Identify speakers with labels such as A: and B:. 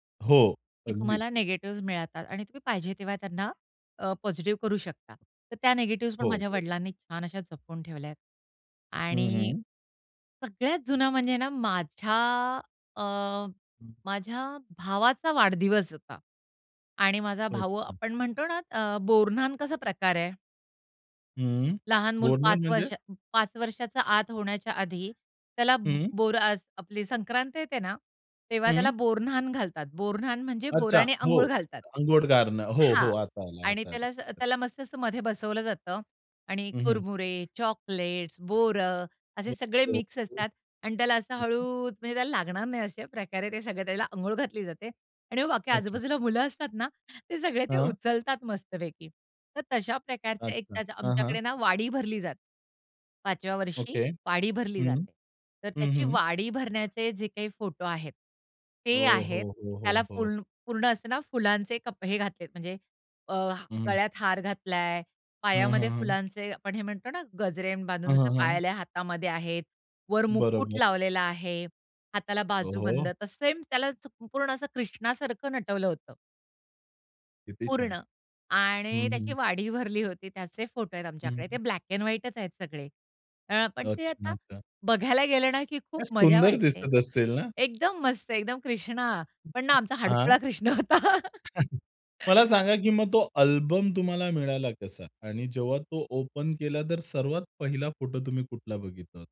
A: हो,
B: की
A: अगदीच.
B: तुम्हाला निगेटिव्हज मिळतात आणि तुम्ही पाहिजे तेव्हा त्यांना अ, पॉझिटिव्ह करू शकता. तर त्या निगेटिव्हज पण
A: हो,
B: माझ्या
A: हो.
B: वडिलांनी छान अशा जपून ठेवल्यात.
A: हं,
B: आणि
A: हं.
B: सगळ्यात जुना म्हणजे ना माझ्या अ,
A: हं.
B: माझ्या भावाचा वाढदिवस होता आणि माझा भाऊ
A: अच्छा.
B: आपण म्हणतो ना अ, बोरन्हांन कसा प्रकार आहे.
A: हं.
B: लहान मुल
A: बोरन्हांन
B: 5
A: म्हणजे?
B: वर्ष, 5 वर्षाचा आत होण्याच्या आधी त्याला
A: हं.
B: बोर असं आपली संक्रांत येते ना. तेव्हा
A: हं.
B: त्याला बोरन्हांन घालतात. बोरन्हांन म्हणजे
A: अच्छा,
B: बोरानी
A: हो.
B: अंघोळ घालतात
A: अंघोळ घालणं. हो,
B: हां
A: हो. आता आला,
B: आणि
A: आता आला,
B: त्याला अस
A: हं.
B: त्याला मस्त मस्तमध्ये बसवलं जातं आणि
A: हं, हं.
B: कुरमुरे, चॉकलेट्स, बोरं
A: हो,
B: असे सगळे
A: हो,
B: मिक्स
A: हं.
B: असतात आणि त्याला असं
A: हं, हं.
B: हळूच म्हणजे त्याला लागणार नाही अशा प्रकारे ते सगळे त्याला अंघोळ घातली जाते आणि मग बाकी
A: अच्छा.
B: आजू-बाजूला मुलं असतात ना ते सगळे ते
A: हां.
B: उचलतात मस्तपैकी. तर तशा प्रकारचे
A: अच्छा.
B: एक
A: हां, हां.
B: आमच्याकडे ना वाडी भरली जाते. 5 व्या वर्षी
A: ओके.
B: वाडी भरली
A: हं.
B: जाते. तर
A: हं,
B: त्याची
A: हं.
B: वाडी भरण्याचे जे काही फोटो आहेत ते
A: हो, हो,
B: आहेत.
A: हो, हो,
B: त्याला
A: हो.
B: फूल पूर्ण असं ना फुलांचे कप हे घातलेत, म्हणजे अ,
A: हं.
B: गळ्यात हार घातलाय,
A: हं, हं,
B: पायामध्ये
A: हं.
B: फुलांचे, आपण हे म्हणतो ना गजरे
A: हं,
B: बांधून
A: हं, हं.
B: पायल्या हातामध्ये आहेत, वर मुकुट
A: बरोबर.
B: लावलेला आहे. हाताला
A: ओ
B: बाजू बंद
A: हो.
B: तर सेम त्यालाच संपूर्ण असं कृष्णा सारखं नटवलं होतं.
A: किती छान.
B: पूर्ण आणि
A: हं,
B: त्याची
A: हं.
B: वाडी भरली होती त्याचे फोटो आहेत आमच्याकडे ते
A: हं.
B: ब्लॅक एंड व्हाईटचं आहेत सगळे. अ, पण ते
A: अच्छा,
B: आता
A: अच्छा.
B: बघायला गेलं ना की खूप
A: काय
B: मज्जा
A: सुंदर
B: वाटते.
A: दिसत असेल ना?
B: एकदम मस्त एकदम कृष्णा. पण ना आमचा
A: हां.
B: हडकुळा कृष्ण होता.
A: मला सांगा की मग तो अल्बम तुम्हाला मिळाला कसा आणि जेव्हा तो ओपन केला तर सर्वात पहिला फोटो तुम्ही कुठला बघितला होता?